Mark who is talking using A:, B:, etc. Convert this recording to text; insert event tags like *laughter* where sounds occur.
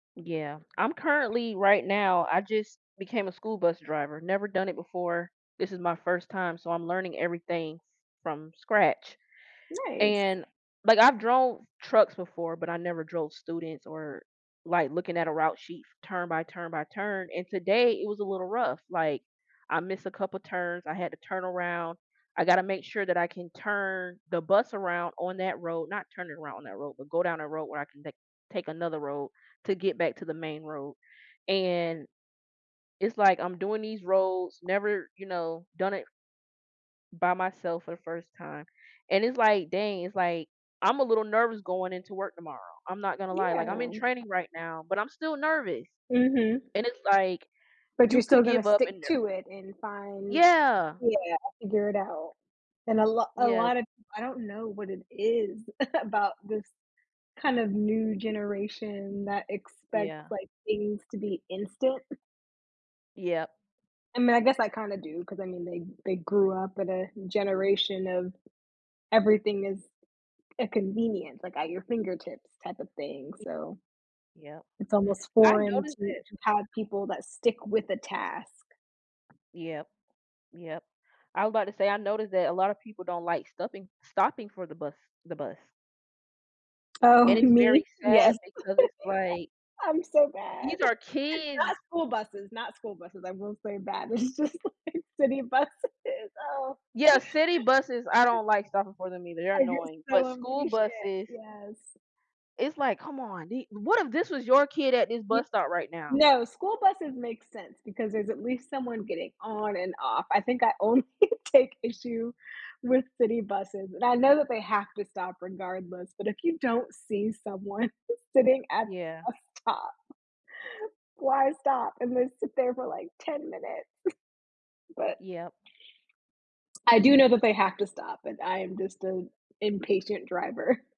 A: Yeah, I'm currently right now, I just became a school bus driver, never done it before. This is my first time, so I'm learning everything from scratch.
B: Nice.
A: And, like, I've drove trucks before, but, I never drove students or, like, looking at a route sheet turn by turn by turn. And today it was a little rough, like, I missed a couple of turns, I had to turn around, I gotta make sure that I can turn the bus around on that road, not turning around on that road, but go down a road where I can take take another road to get back to the main road. And it's, like, I'm doing these roads, never, you know, done it by myself for the first time and it's, like, dang, it's, like, I'm a little nervous going into work tomorrow. I'm not gonna lie, like, I'm in
B: Yeah.
A: training right now, but I'm still nervous
B: Mhm.
A: and it's, like,
B: But,
A: you
B: you're still
A: could
B: gonna
A: give up and,
B: stick
A: uh
B: to it and find,
A: Yeah.
B: yeah, figure it out. And a lot a
A: Yeah.
B: lot of, I don't know what it is about this kind of new generation that expects,
A: Yeah.
B: like, things to be instant.
A: Yeah.
B: I mean, I guess I kinda do, 'cause I mean they they grew up in a generation of everything is a convenience, like, at your fingertips type of thing, so
A: *unintelligible* Yeah,
B: it's almost
A: I
B: foreign to
A: noticed it.
B: to have people that stick with the task.
A: Yup, yup. I was about to say I noticed that a lot of people don't, like, stuffing stopping for the bus the bus.
B: Oh,
A: And it's
B: me?
A: very
B: Yes.
A: sad
B: *chuckles*
A: because it's, like
B: I'm so
A: these
B: bad.
A: are
B: *chuckles* Not
A: kids!
B: school buses, not school buses, I will say that. It's just, like, city buses, oh.
A: Yeah, city buses, I don't like stopping for them either. They're
B: I get
A: annoying, but
B: so
A: school
B: impatient,
A: buses
B: yes.
A: It's, like, come on, di what if this was your kid at this
B: You
A: bus stop right now?
B: No, school buses make sense because there's at least someone getting on and off. I think I only take issue with city buses, and I know that they have to stop regardless, but, if you don't see someone sitting at
A: Yeah.
B: the bus stop, why stop and then sit there for like 10 minutes? *chuckles* But
A: Yup.
B: I do know that they have to stop, and I am just an impatient driver.